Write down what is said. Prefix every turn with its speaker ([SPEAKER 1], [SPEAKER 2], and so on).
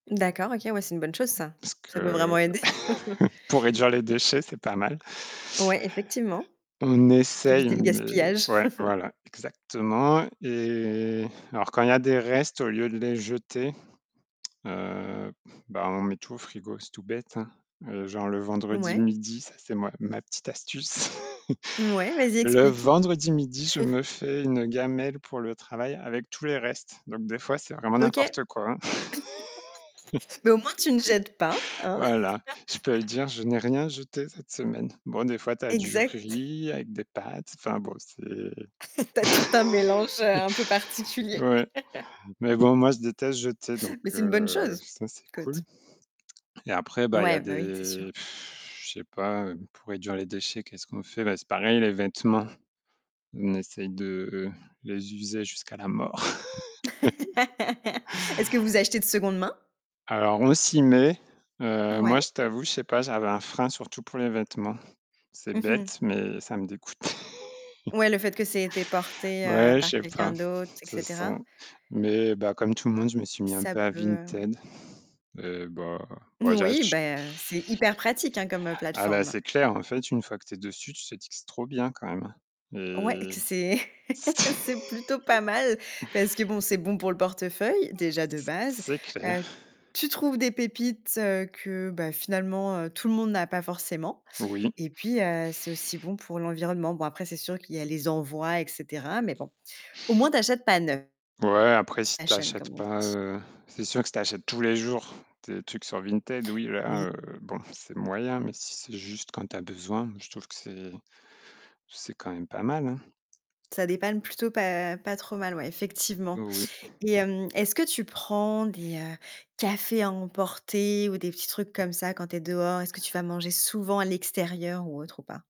[SPEAKER 1] D'accord, OK, ouais, c'est une bonne chose ça.
[SPEAKER 2] Parce
[SPEAKER 1] Ça peut
[SPEAKER 2] que
[SPEAKER 1] vraiment aider
[SPEAKER 2] pour réduire les déchets, c'est pas mal.
[SPEAKER 1] Ouais, effectivement,
[SPEAKER 2] On essaye,
[SPEAKER 1] éviter le
[SPEAKER 2] mais
[SPEAKER 1] gaspillage
[SPEAKER 2] ouais, voilà, exactement. Et alors, quand il y des restes, au lieu de les jeter, heu, bah, on met tout au frigo, c'est tout bête, hein. Heu, genre le vendredi
[SPEAKER 1] Ouais.
[SPEAKER 2] midi, ça c'est moi ma petite astuce
[SPEAKER 1] Ouais, vas-y
[SPEAKER 2] le
[SPEAKER 1] explique.
[SPEAKER 2] vendredi midi, je me fais une gamelle pour le travail avec tous les restes. Donc des fois, c'est vraiment
[SPEAKER 1] OK.
[SPEAKER 2] n'importe quoi
[SPEAKER 1] Mais au moins tu ne jettes pas, hein
[SPEAKER 2] Voilà, je peux le dire, je n'ai rien jeté cette semaine. Bon, des fois, tu as du
[SPEAKER 1] Exact.
[SPEAKER 2] riz avec des pâtes, enfin bon, c'est
[SPEAKER 1] Tu as tout un mélange un peu particulier
[SPEAKER 2] ouais. Mais bon, moi, je déteste jeter, donc
[SPEAKER 1] Mais c'est une bonne
[SPEAKER 2] heu,
[SPEAKER 1] chose.
[SPEAKER 2] ça c'est
[SPEAKER 1] Écoute.
[SPEAKER 2] cool. Et après, bah, il y
[SPEAKER 1] Ouais, bah, oui, c'est sûr.
[SPEAKER 2] des pff je sais pas, pour réduire les déchets, qu'est-ce qu'on fait? Bah, c'est pareil, les vêtements, on essaye de les user jusqu'à la mort
[SPEAKER 1] Est-ce que vous achetez de seconde main?
[SPEAKER 2] Alors, on s'y met. Heu, moi,
[SPEAKER 1] Ouais.
[SPEAKER 2] je t'avoue, je sais pas, j'avais un frein, surtout pour les vêtements. C'est
[SPEAKER 1] Mmh mh.
[SPEAKER 2] bête, mais ça me dégoûte
[SPEAKER 1] Ouais, le fait que ça ait été porté, heu,
[SPEAKER 2] Ouais, je
[SPEAKER 1] par
[SPEAKER 2] sais
[SPEAKER 1] quelqu'un
[SPEAKER 2] pas.
[SPEAKER 1] d'autre, et
[SPEAKER 2] C'est ça.
[SPEAKER 1] cetera.
[SPEAKER 2] Mais, bah, comme tout le monde, je me suis mis un
[SPEAKER 1] Ça
[SPEAKER 2] peu à
[SPEAKER 1] peut, heu, ouais
[SPEAKER 2] Vinted. Eh, bah
[SPEAKER 1] Oui,
[SPEAKER 2] [unintelligible]
[SPEAKER 1] beh, c'est hyper pratique, hein, comme
[SPEAKER 2] Ah, bah,
[SPEAKER 1] plateforme.
[SPEAKER 2] c'est clair, en fait, une fois que tu es dessus, tu te dis que c'est trop bien quand même, hein.
[SPEAKER 1] Ouais et
[SPEAKER 2] Et
[SPEAKER 1] que c'est c'est plutôt pas mal parce que bon, c'est bon pour le portefeuille, déjà de base.
[SPEAKER 2] C'est clair.
[SPEAKER 1] Heu, tu trouves des pépites que, bah, finalement, heu, tout le monde n'a pas forcément
[SPEAKER 2] Oui.
[SPEAKER 1] et puis, heu, c'est aussi bon pour l'environnement. Bon après, c'est sûr qu'il y a les envois, et cetera. Mais bon, au moins tu achètes pas neuf.
[SPEAKER 2] Ouais, après, si tu
[SPEAKER 1] Fashion
[SPEAKER 2] achètes
[SPEAKER 1] comme on
[SPEAKER 2] pas,
[SPEAKER 1] dit.
[SPEAKER 2] heu, c'est sûr que si tu achètes tous les jours, des trucs sur Vinted, oui,
[SPEAKER 1] Oui.
[SPEAKER 2] là, heu, bon, c'est moyen, mais si c'est juste quand tu as besoin, je trouve que c'est c'est quand même pas mal, hein.
[SPEAKER 1] Ça dépanne plutôt pas pas trop mal, ouais effectivement
[SPEAKER 2] Oui.
[SPEAKER 1] et hem, est-ce que tu prends des, heu, cafés à emporter, ou des petits trucs comme ça quand tu es dehors? Est-ce que tu vas manger souvent à l'extérieur, ou autre, ou pas?